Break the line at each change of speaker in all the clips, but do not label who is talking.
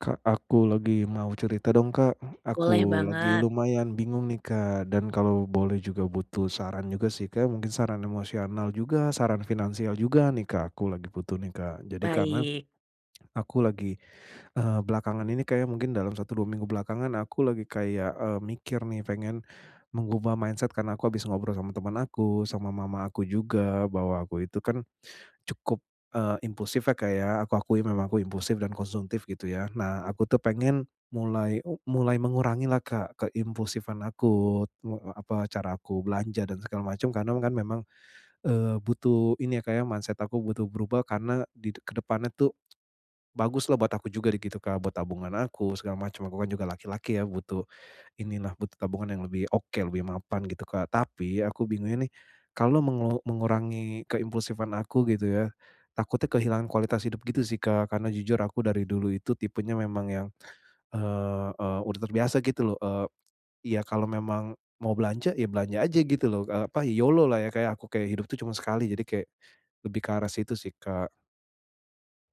Kak, aku lagi mau cerita dong, Kak.
Boleh
Aku lagi
banget.
lumayan bingung nih, Kak, dan kalau boleh juga butuh saran juga sih, Kak, mungkin saran emosional juga, saran finansial juga nih, Kak, aku lagi butuh nih, Kak. Jadi karena,
Baik.
aku lagi, eee, belakangan ini kayaknya mungkin dalam 1, 2 minggu belakangan aku lagi kayak, eee, mikir nih, pengen mengubah mindset karena aku habis ngobrol sama teman aku, sama mama aku juga. Bahwa aku itu kan, cukup, eee, impulsifnya ya, Kak, ya, aku akui memang aku impulsif dan konsumtif gitu ya. Nah aku tuh pengen mulai mulai mengurangi lah Kak, ke impulsifan aku eee, apa, cara aku belanja dan segala macam. Karena kan memang, eee, butuh ini ya, Kak, ya, mindset aku butuh berubah karena, di ke depannya tuh, bagus lah buat aku juga gitu, Kak, buat tabungan aku segala macam, aku kan juga laki-laki ya, butuh ini lah, butuh tabungan yang lebih oke, lebih mapan gitu, Kak. Tapi, aku bingungnya nih kalau mengu mengurangi keimpulsifan aku gitu ya, takutnya kehilangan kualitas hidup gitu sih, Kak, karena jujur aku dari dulu itu tipenya memang yang, eee, udah terbiasa gitu lho, eee, ya kalau memang mau belanja, ya belanja aja gitu lho, eee, apa, YOLO lah ya, Kak, ya. aku kayak hidup itu cuma sekali, jadi kayak, lebih ke arah situ sih, Kak.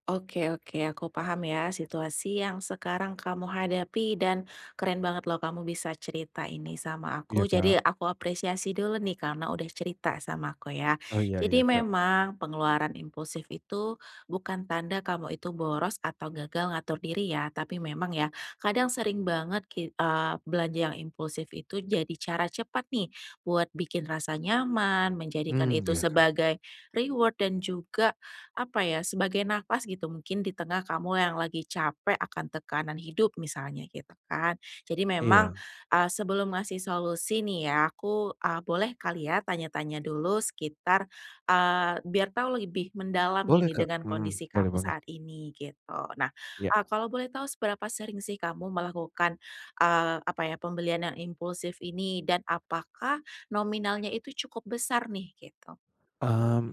Oke oke. Aku paham ya, situasi yang sekarang kamu hadapi dan keren banget loh, kamu bisa cerita ini sama
Iya,
aku. Jadi
Kak.
aku apresiasi dulu nih, karena udah cerita sama aku, ya.
Oh. Iya iya,
Jadi
Kak.
memang pengeluaran impulsif itu bukan tanda kamu itu boros atau gagal ngatur diri ya, tapi memang ya kadang sering banget ki eee, belanja yang impulsif itu jadi cara cepat nih, buat bikin rasa nyaman, menjadikan
Mmm,
itu
iya, Kak.
sebagai reward dan juga, apa ya, sebagai e nafas, gitu. Mungkin di tengah kamu yang lagi capek akan tekanan hidup, misalnya, gitu kan. Jadi memang,
Iya.
eee, sebelum ngasih solusi nih ya, aku, eee, boleh kali ya tanya-tanya dulu? Sekitar, eee biar tahu lebih mendalam
Boleh,
gini,
Kak,
dengan
mhm,
kondisi
boleh
kamu
banget.
saat ini, gitu. Nah, ah,
Iya.
kalau boleh tahu seberapa sering sih kamu melakukan, eee, apa ya, pembelian yang impulsif ini? Dan apakah nominalnya itu cukup besar nih, gitu?
Mmm mmm,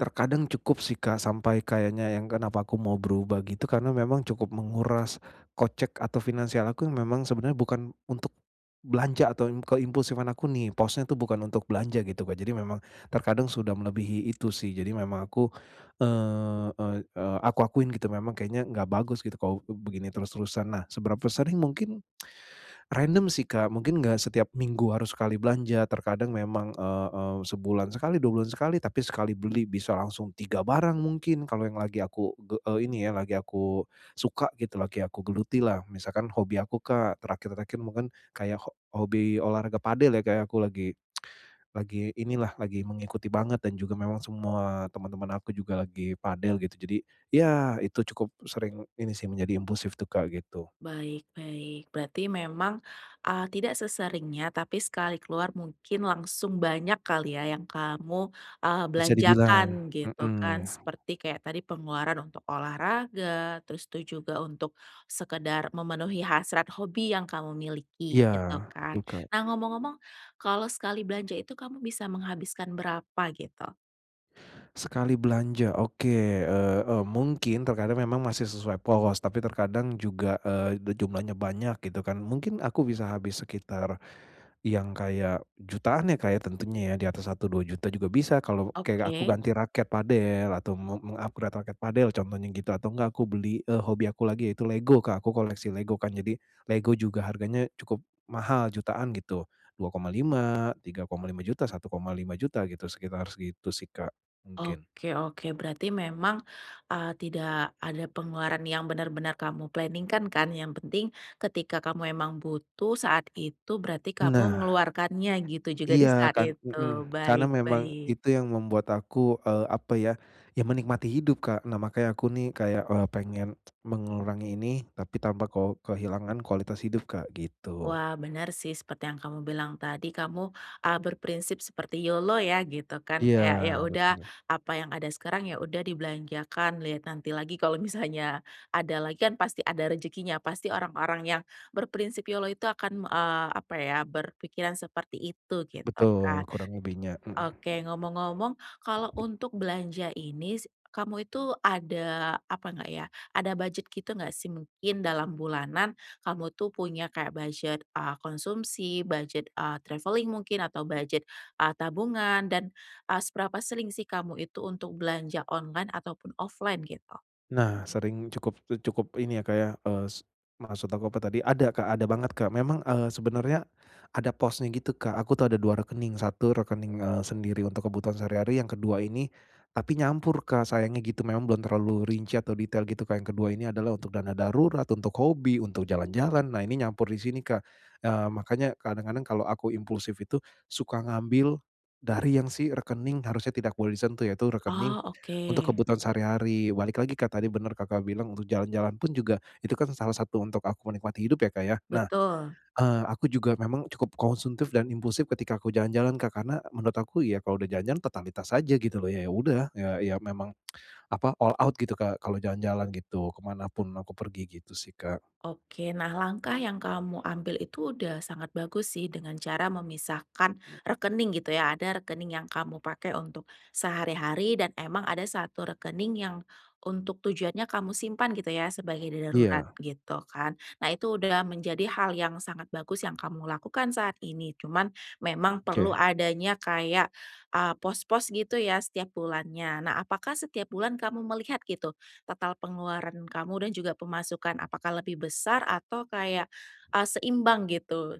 terkadang cukup sih, Kak, sampai kayaknya yang kenapa aku mau berubah, gitu, karena memang cukup menguras kocek atau finansial aku yang memang sebenarnya bukan untuk belanja atau yang keimpulsifan aku nih, posnya itu bukan untuk belanja, gitu, Kak. Jadi memang terkadang sudah melebihi itu sih. Jadi memang aku, eee, ey eee, aku akuin gitu memang kayaknya enggak bagus, gitu, kalau b begini terus-terusan. Nah, seberapa sering, mungkin random sih, Kak, mungkin enggak setiap minggu harus sekali belanja. Terkadang memang, eee, eee, sebulan sekali, 2 bulan sekali, tapi sekali beli bisa langsung 3 barang mungkin. Kalau yang lagi aku ge eee, ini ya lagi aku suka gitu, lagi aku gelutilah. Misalkan hobi aku, Kak. Terakhir-terakhir mungkin kayak ho hobi olahraga pádel ya, Kak, ya, aku lagi lagi inilah, lagi mengikuti banget dan juga memang semua teman-teman aku juga lagi pádel gitu. Jadi iya itu cukup sering ini sih, menjadi impulsif tuh, Kak, gitu.
Baik baik. Berarti memang, eee, tidak seseringnya, tapi sekali keluar mungkin langsung banyak kali ya, yang kamu, eee,
Bisa
belanjakan
dibilang,
gitu kan?
mhm.
Seperti kayak tadi pengeluaran untuk olahraga, terus tuh juga untuk sekedar memenuhi hasrat hobi yang kamu miliki,
Iya
gitu kan?
betul, Kak.
Nah ngomong-ngomong, kalau sekali belanja itu kamu bisa menghabiskan berapa, gitu?
Sekali belanja, oke, eee, e mungkin terkadang memang masih sesuai pos, tapi terkadang juga, eee, de jumlahnya banyak gitu, kan. Mungkin aku bisa habis sekitar yang kayak jutaan, ya, Kak, ya, tentunya, ya, di atas Rp1.000.000, Rp2.000.000 juga bisa. Kalau kayak aku
Oke.
ganti raket padel atau meng meng-upgrade raket padel contohnya gitu atau enggak aku beli, eee, hobi aku lagi yaitu lego, Kak, aku koleksi lego, kan, jadi lego juga harganya cukup mahal jutaan gitu, Rp2.500.000, Rp3.500.000, Rp1.500.000 gitu, sekitar segitu, sih, Kak, mungkin.
Oke, oke, berarti memang, eee, tidak ada pengeluaran yang bener-bener kamu planning-kan kan? Yang penting ketika kamu memang butuh saat itu berarti kamu
Nah.
mengeluarkannya gitu juga di
Iya,
saat
kan
itu,
mhm, karena
baik
memang
baik.
itu yang membuat aku, eee, apa ya, ya, menikmati hidup, Kak. Nah makanya aku, nih, kayak, eee, pengen mengurangi ini tapi tanpa ko kehilangan kualitas hidup, Kak, gitu.
Wah, bener, sih, seperti yang kamu bilang tadi kamu, eee, berprinsip seperti YOLO ya gitu, kan,
Iya
kayak, ya udah
betul.
apa yang ada sekarang, ya, udah dibelanjakan liat nanti lagi kalau misalnya ada lagi, kan, pasti ada rejekinya, pasti orang-orang yang berprinsip YOLO itu akan, eee, apa, ya, berpikiran seperti itu gitu,
Betul,
kan.
kurang lebihnya, mhm.
Oke ngomong-ngomong kalau untuk belanja ini si kamu itu ada, apa nggak ya, ada budget gitu nggak, sih? Mungkin dalam bulanan kamu itu punya kayak budget, eee, konsumsi, budget, eee, traveling mungkin atau budget, eee, tabungan dan, eee, seberapa sering sih, kamu itu untuk belanja online ataupun offline gitu?
Nah sering cukup cukup ini ya Kak ya, eee, s maksud aku apa tadi, ada Kak, ada banget Kak. Memang, eee, sebenarnya, ada posnya gitu Kak, aku tuh ada 2 rekening, 1 rekening, eee, sendiri untuk kebutuhan sehari-hari, yang kedua ini, tapi nyampur Kak, sayangnya gitu. Memang belum terlalu rinci atau detail gitu Kak, yang kedua ini adalah untuk dana darurat, untuk hobi, untuk jalan-jalan. Nah ini nyampur di sini Kak, eee, makanya kadang-kadang kalau aku impulsif itu, suka ngambil dari yang si rekening harusnya tidak boleh disentuh, yaitu rekening
Oh,
untuk
oke.
kebutuhan sehari-hari. Balik lagi Kak, tadi benar Kakak bilang, untuk jalan-jalan pun juga itu kan salah satu untuk aku menikmati hidup ya Kak ya. Nah,
Betul.
eee, aku juga memang cukup konsumtif dan impulsif ketika aku jalan-jalan Kak, karena, menurut aku ya kalau udah jalan-jalan totalitas aja gitu loh, ya ya udah, ya ya memang apa, all out gitu Kak, kalau jalan-jalan gitu, ke mana pun aku pergi, gitu sih Kak.
Oke. Nah langkah yang kamu ambil itu sudah sangat bagus sih dengan cara memisahkan rekening gitu ya. Ada rekening yang kamu pakai untuk sehari-hari, dan emang ada satu rekening yang untuk tujuannya kamu simpan gitu ya sebagai darurat,
Iya.
gitu kan. Nah itu sudah menjadi hal yang sangat bagus yang kamu lakukan saat ini, cuman, memang perlu
Oke.
adanya kayak, eee, pos-pos gitu ya setiap bulannya. Nah apakah setiap bulan kamu melihat gitu, total pengeluaran kamu dan juga pemasukan, apakah lebih besar atau kayak, eee, seimbang gitu?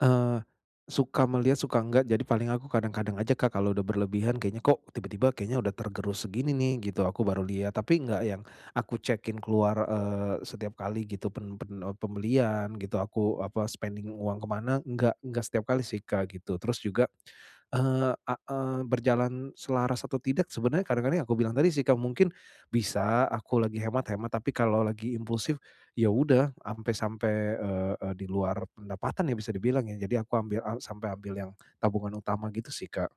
Eee, suka melihat, suka enggak. Jadi paling aku kadang-kadang aja, Kak, kalau sudah berlebihan, kayaknya kok tiba-tiba, kayaknya sudah tergerus segini, nih, gitu. Aku baru lihat, tapi enggak yang aku cek-in keluar, eee, setiap kali gitu. Pen pen eee, pembelian gitu aku apa, spending uang kemana? Enggak enggak setiap kali, sih, Kak, gitu. Terus juga, eee, a eee, berjalan selaras atau tidak. Sebenernya kadang-kadang yang aku bilang tadi, sih, Kak, mungkin bisa aku lagi hemat-hemat. Tapi kalau lagi impulsif, iya sudah sampe-sampe, eee, di luar pendapatan, ya, bisa dibilang, ya. Jadi aku ambil a sampai ambil yang tabungan utama gitu, sih, Kak.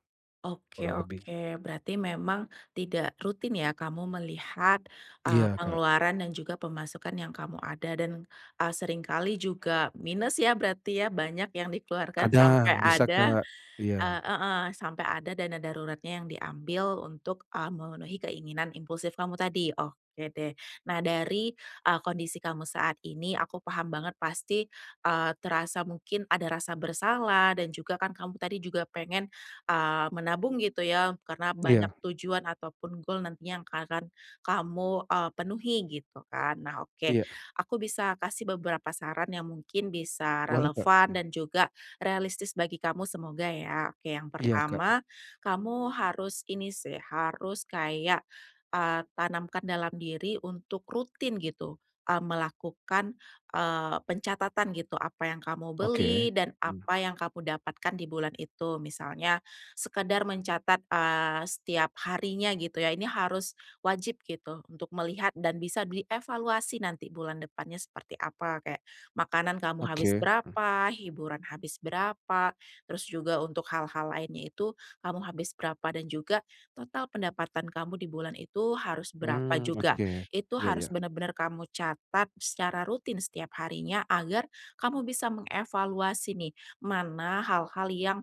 Oke
Kurang lebih.
oke. Berarti memang tidak rutin, ya, kamu melihat, eee,
Iya, Kak.
pengeluaran dan juga pemasukan yang kamu ada dan, eee, sering kali juga minus, ya, berarti, ya, banyak yang dikeluarkan sampai
Kadang bisa,
ada
Kak. Iya.
eee, heeh, sampai ada dana daruratnya yang diambil untuk, eee, memenuhi keinginan impulsif kamu tadi. Oke, deh. Nah dari, eee, kondisi kamu saat ini, aku paham banget pasti, eee, terasa mungkin ada rasa bersalah, dan juga, kan, kamu tadi juga pengen, eee, menabung gitu, ya, karena banyak
Iya.
tujuan ataupun goal nantinya yang akan kamu, eee, penuhi gitu, kan. Nah oke,
Iya.
aku bisa kasih beberapa saran yang mungkin bisa
Boleh, Kak,
relevan
mhm.
dan juga realistis bagi kamu, semoga, ya. Oke yang
Iya, Kak.
pertama, kamu harus ini, sih, harus kayak, eee, tanamkan dalam diri untuk rutin gitu, eee, melakukan, eee, pencatatan gitu. Apa yang kamu beli,
Oke,
dan
mhm.
apa yang kamu dapatkan di bulan itu. Misalnya sekedar mencatat, eee, setiap harinya gitu, ya, ini harus, wajib gitu. Untuk melihat dan bisa dievaluasi nanti bulan depannya seperti apa? Kayak makanan kamu habis
Oke, hmm.
berapa, hiburan habis berapa, terus juga untuk hal-hal lainnya itu kamu habis berapa, dan juga total pendapatan kamu di bulan itu harus berapa
Mmm,
juga.
oke.
Itu
Iya
harus
iya.
bener-bener kamu catat secara rutin setiap harinya, agar kamu bisa mengevaluasi, nih. Mana hal-hal yang,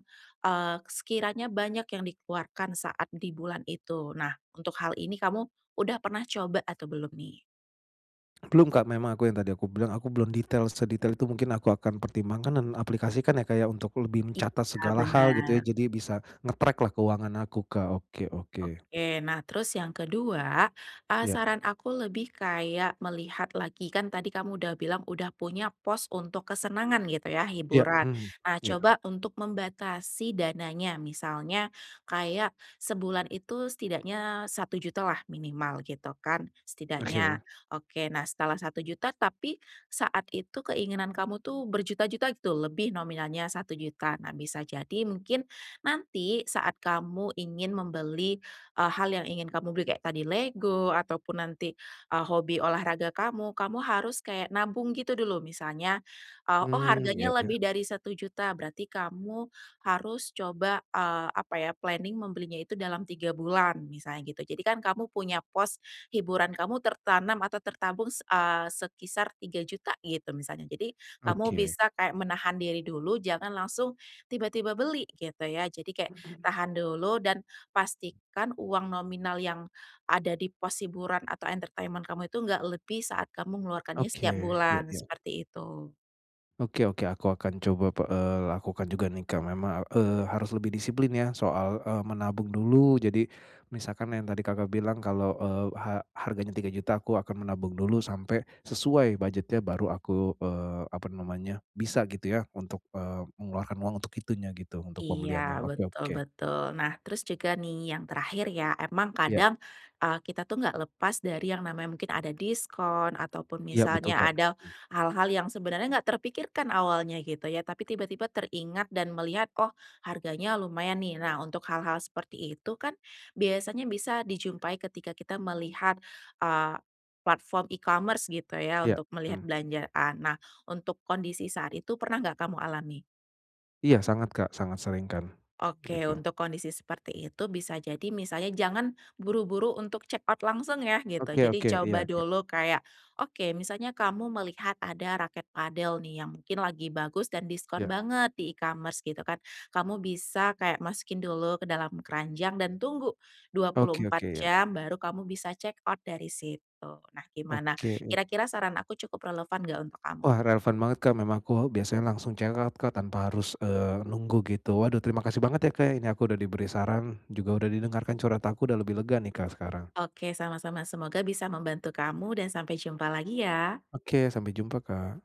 eee, sekiranya banyak yang dikeluarkan saat di bulan itu. Nah, untuk hal ini kamu sudah pernah coba atau belum, nih?
Belum, Kak, memang aku yang tadi aku bilang, aku belum detail sedetail itu, mungkin aku akan pertimbangkan dan aplikasikan, Kak, ya, untuk lebih mencatat
Iya,
segala hal gitu ya.
benar.
Jadi bisa nge-track lah keuangan aku, Kak. Oke oke.
Oke. Nah terus yang kedua, eee,
Iya.
saran aku lebih kayak melihat lagi, kan tadi kamu bilang udah punya pos untuk kesenangan gitu ya,
Iya,
hiburan.
mhm.
Nah
Iya.
coba untuk membatasi dananya. Misalnya, kayak sebulan itu setidaknya 1.000.000 lah minimal gitu kan, setidaknya.
Oke.
Oke, nah setelah 1.000.000 tapi, saat itu keinginan kamu itu berjuta-juta gitu, lebih nominalnya 1.000.000. Nah bisa jadi mungkin, nanti saat kamu ingin membeli hal yang ingin kamu beli kayak tadi Lego, ataupun nanti, eee, hobi olahraga kamu, kamu harus kayak nabung gitu dulu misalnya, "Oh
Mmm, ya
harganya lebih
ya.
dari 1.000.000" berarti kamu harus coba eee, apa ya, planning membelinya itu dalam 3 bulan, misalnya gitu. Jadi kan kamu punya pos, hiburan kamu tertanam atau tertampung, s eee, sekisar 3.000.000 gitu. Jadi kamu
Oke.
bisa menahan diri dulu, jangan langsung, tiba-tiba beli gitu ya. Jadi kayak tahan dulu, dan pastikan uang nominal yang ada di pos hiburan atau entertainment kamu itu, nggak lebih saat kamu mengeluarkannya
Oke,
setiap
ya
bulan.
ya.
Seperti itu.
Oke. Oke, aku akan coba pe eee, lakukan juga nih, Kak. Memang, eee, harus lebih disiplin ya soal, eee, menabung dulu. Jadi misalkan yang tadi, Kakak bilang kalau, eee, ha harganya Rp3.000.000, aku akan menabung dulu sampai sesuai budgetnya baru aku, eee, apa namanya, bisa gitu ya untuk, eee, mengeluarkan uang untuk itunya gitu, untuk
Iya
pembeliannya. Oke
betul
oke.
betul. Nah, terus juga nih yang terakhir ya, emang
Iya.
kadang, eee, kita tuh nggak lepas dari yang namanya mungkin ada diskon ataupun
Iya Betul,
misalnya
Kak.
ada
Iya.
hal-hal yang sebenernya nggak terpikirkan awalnya gitu ya. Tapi tiba-tiba teringat dan melihat, "Oh, harganya lumayan nih." Nah, untuk hal-hal seperti itu kan biasanya bisa dijumpai ketika kita melihat, eee, platform e-commerce gitu ya,
Iya.
untuk melihat
Mhm.
belanjaan. Nah, untuk kondisi saat itu pernah nggak kamu alami?
Iya sangat Kak, sangat sering kan,
Oke,
begitu.
untuk kondisi seperti itu, bisa jadi misalnya jangan buru-buru untuk checkout langsung ya gitu.
Oke
Jadi
oke.
coba
Iya, Kak.
dulu kayak, oke misalnya kamu melihat ada raket padel nih yang mungkin lagi bagus dan diskon
Ya.
banget di e-commerce gitu kan. Kamu bisa kayak masukin dulu ke dalam keranjang dan tunggu dua puluh
Oke oke,
empat
ya.
jam baru kamu bisa checkout dari situ. Nah, gimana
Oke.
kira-kira saran aku cukup relevan nggak untuk kamu?
Wah, relevan banget, Kak. Memang aku biasanya langsung checkout, Kak, tanpa harus, eee, nunggu gitu. Waduh, terima kasih banget ya, Kak, ini aku udah diberi saran juga sudah didengarkan curhat aku udah lebih lega nih, Kak, sekarang.
Oke sama-sama. Semoga bisa membantu kamu dan sampai jumpa lagi ya.
Oke. Sampai jumpa, Kak.